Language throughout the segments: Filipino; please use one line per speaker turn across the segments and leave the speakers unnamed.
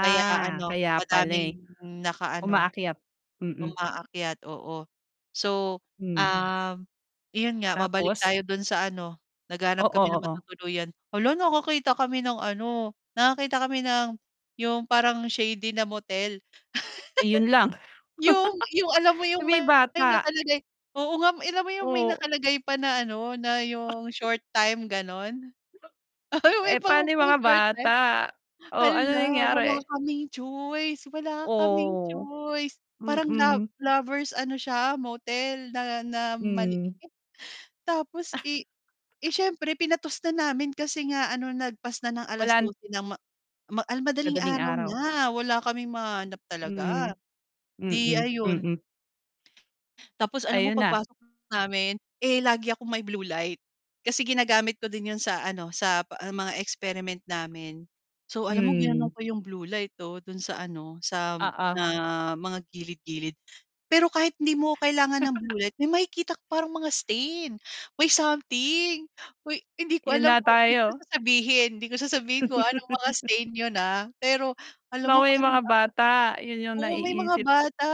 Kaya ano,
kaya pala eh.
madaming naka-ano,
Umaakyat, mm.
umaakyat, oo. So,
Hmm.
um, iyon nga mabalik
Tapos?
tayo dun sa ano, naghahanap
Oo,
kami ng
oo.
matutuluyan. Hala nakakita kami ng ano, nakakita kami ng yung parang shady na motel.
Ayun lang.
Yung yung alam mo
Eh,
yung,
may
may
bata.
nakalagay, oo nga alam mo yung may
Oh.
nakalagay pa na ano na yung short time ganon. May
Eh,
mga
pa'no yung
pang
mga
short time.
bata? Oh, anong
Hala! Wala
nangyari?
kaming choice, wala kaming
Oh,
choice. Parang lo
mm.
lovers ano siya motel na na maliit.
Hmm.
Tapos, eh eh, siyempre pinatos na namin kasi nga ano lagpas na ng
Walan
12:00 ng ma ma al madaling
Madaling
araw
araw.
na, wala kaming mahanap talaga,
Hmm.
'di
Mm,
ayun.
mm.
Tapos, alam mo
Ayun na.
pagpasok namin, eh, lagi akong may blue light. Kasi ginagamit ko din yun sa ano, sa ah mga experiment namin. So, alam mo ginanon
Hmm.
ko yung blue light oh, dun sa ano sa,
Oo.
ah, mga gilid-gilid. Pero kahit hindi mo kailangan ng blue light, may makikita ko parang mga stain, may something. Uy hindi ko
Yun
alam
na
kung hindi ko na
tayo.
sasabihin, hindi ko sasabihin kung anong mga stain yun, ah, pero alam mo
Naku, yung
merong
mga
ah
bata, yun yung
oo may mga
naiisip
bata,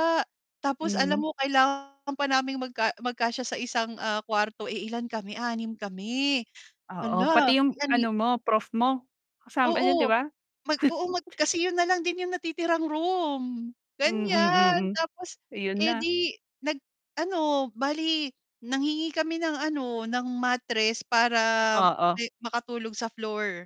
tapos alam
Hmm.
mo kailangan pa naming magka magkasya sa isang, ah, kwarto. Eh, ilan kami, 6 kami.
Oo,
Hala!
pati yung
Lanli
ano mo prof mo, kasam andiyan 'di
Oo,
ba?
mag oo mag kasi yun na lang din yung natitirang room, ganyan.
Mm, mm,
Tapos,
ayun na.
edi nag ano, bale nanghingi kami ng ano ng mattress, para
Oo.
me makatulog sa floor.